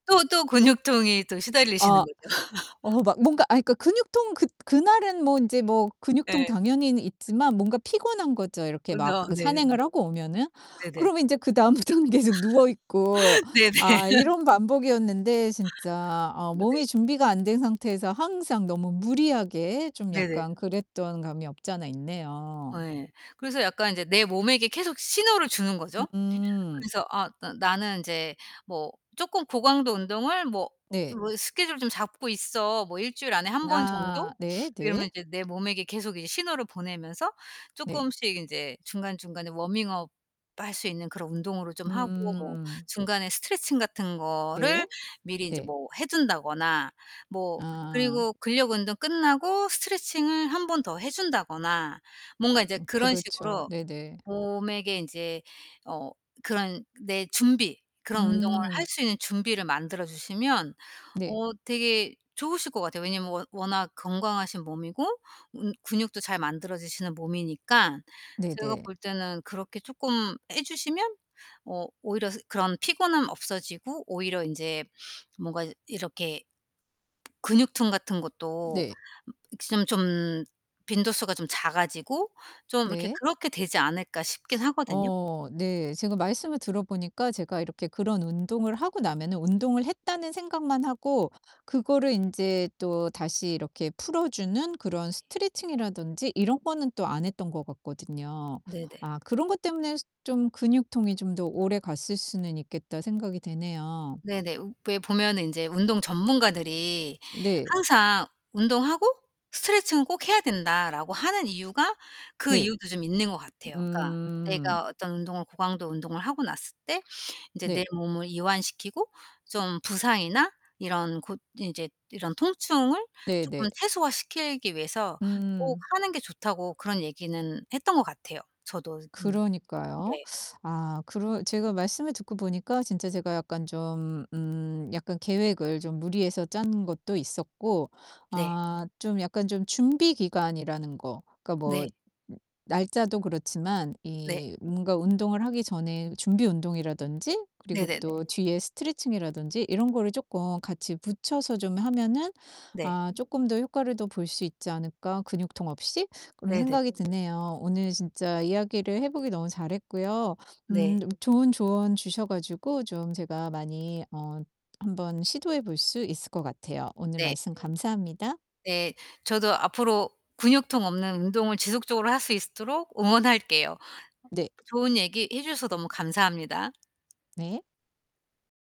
또 또 근육통이 또 시달리시는 아. 거죠. 어 막 뭔가 아이 그러니까 근육통 그 그날은 뭐 인제 뭐 근육통 예. 당연히는 있지만 뭔가 피곤한 거죠, 어 이렇게 막 너 그 네네네. 산행을 하고 오면은. 네네. 그러면 이제 그다음부터는 계속 누워 있고 네 아 네. 이런 반복이었는데 진짜 어 어네. 몸이 준비가 안 된 상태에서 항상 너무 무리하게 좀 네네. 약간 그랬던 감이 없지 않아 있네요. 아 예. 그래서 약간 이제 내 몸에게 계속 신호를 주는 거죠. 음. 그래서 아 '나 나는 인제 뭐 쪼끔 고강도 운동을 뭐 이 네. 뭐 스케줄을 좀 잡고 있어 뭐 1 주일 안에 1 번 정도.' 아 네 네. 이러면 이제 내 몸에게 계속 이제 신호를 보내면서 네. 쪼끔씩 인제 중간중간에 워밍업 할 수 있는 그런 운동으로 좀 하고 뭐 음. 중간에 스트레칭 같은 거를 네. 미리 인제 네. 뭐 해 둔다거나 뭐 아. 그리고 근력 운동 끝나고 스트레칭을 1 번 더 해 준다거나 뭔가 이제 어 그런 그렇죠. 식으로 네네. 몸에게 인제 어 그런 내 준비 그런 운동을 할 음. 수 있는 준비를 만들어 주시면 네. 어 되게 좋으실 것 같아요. 왜냐하면 워 워낙 건강하신 몸이고 음 근육도 잘 만들어지시는 몸이니까 제가 네네. 볼 때는 그렇게 쪼끔 해 주시면 어 오히려 스 그런 피곤함 없어지고 오히려 인제 뭔가 이렇게 근육통 같은 것도 네. 좀 좀 빈도수가 좀 작아지고 좀 '이렇게 네. 그렇게 되지 않을까.' 싶기는 하거든요. 어 네. 제가 말씀을 들어 보니까 제가 이렇게 그런 운동을 하고 나면은 '운동을 했다.'는 생각만 하고 그거를 인제 또 다시 이렇게 풀어 주는 그런 스트레칭이라든지 이런 거는 또 안 했던 것 같거든요. 네네. 아 '그런 것 때문에 좀 근육통이 좀 더 오래갔을 수는 있겠다.' 생각이 되네요. 네네. 왜 보면은 인제 운동 전문가들이 네. 항상 "운동하고 스트레칭은 꼭 해야 된다."라고 하는 이유가 그 네, 이유도 좀 있는 것 같아요. 그러니까 음. 내가 어떤 운동을 고강도 운동을 하고 났을 때 인제 내 네. 몸을 이완시키고 좀 부상이나 이런 고 인제 이런 통증을 쪼끔 네네. 최소화시키기 위해서 꼭 음. 하는 게 좋다고 그런 얘기는 했던 것 같아요. 저도 음 그러니까요. 네. 아 그러 제가 말씀을 듣고 보니까 진짜 제가 약간 좀 음 약간 계획을 좀 무리해서 짠 것도 있었고 네. '아 좀 약간 좀 준비 기간이라는 거 그러니까 뭐 네. 날짜도 그렇지만 네. 이 뭔가 운동을 하기 전에 준비 운동이라든지 그리고 네네네. 또 뒤에 스트레칭이라든지 이런 거를 쪼끔 같이 붙여서 좀 하면은 네. 아 쪼끔 더 효과를 더 볼 수 있지 않을까, 근육통 없이?' 그런 네네. 생각이 드네요. 오늘 진짜 이야기를 해 보길 너무 잘했고요 네. 음 좋은 조언 주셔 가지고 좀 제가 많이 어 한번 시도해 볼 수 있을 것 같아요. 오늘 네. 말씀 감사합니다. 네. 저도 앞으로 근육통 없는 운동을 지속적으로 하실수 있도록 응원할게요. 네. 좋은 얘기 해 주셔서 너무 감사합니다. 네.